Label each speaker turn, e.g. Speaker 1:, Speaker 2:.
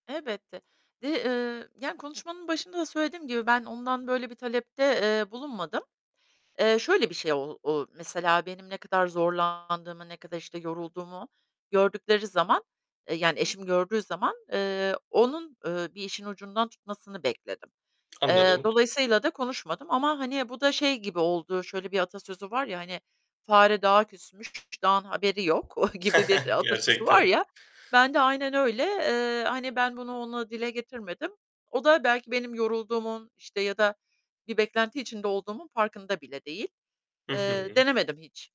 Speaker 1: Elbette, dı, eee, yani, konuşmanın başında da söylediğim gibi ben ondan böyle bir talepte, eee, bulunmadım. Eee, şöyle bir şey; o o mesela benim ne kadar zorlandığımı, ne kadar işte yorulduğumu gördükleri zaman, eee, yani, eşim gördüğü zaman, eee, onun, eee, bir işin ucundan tutmasını bekledim, eee,
Speaker 2: Anladım.
Speaker 1: dolayısıyla da konuşmadım ama hani bu da şey gibi oldu. Şöyle bir atasözü var, ya, hani: "Fare dağa küsmüş, dağın haberi yok." gibi bir atasözü var
Speaker 2: Gerçekten.
Speaker 1: ya, ben de aynen öyle, eee, hani ben bunu ona dile getirmedim. O da belki benim yorulduğumun işte ya da bir beklenti içinde olduğumun farkında bile değil,
Speaker 2: Hı
Speaker 1: eee,
Speaker 2: hı.
Speaker 1: denemedim hiç.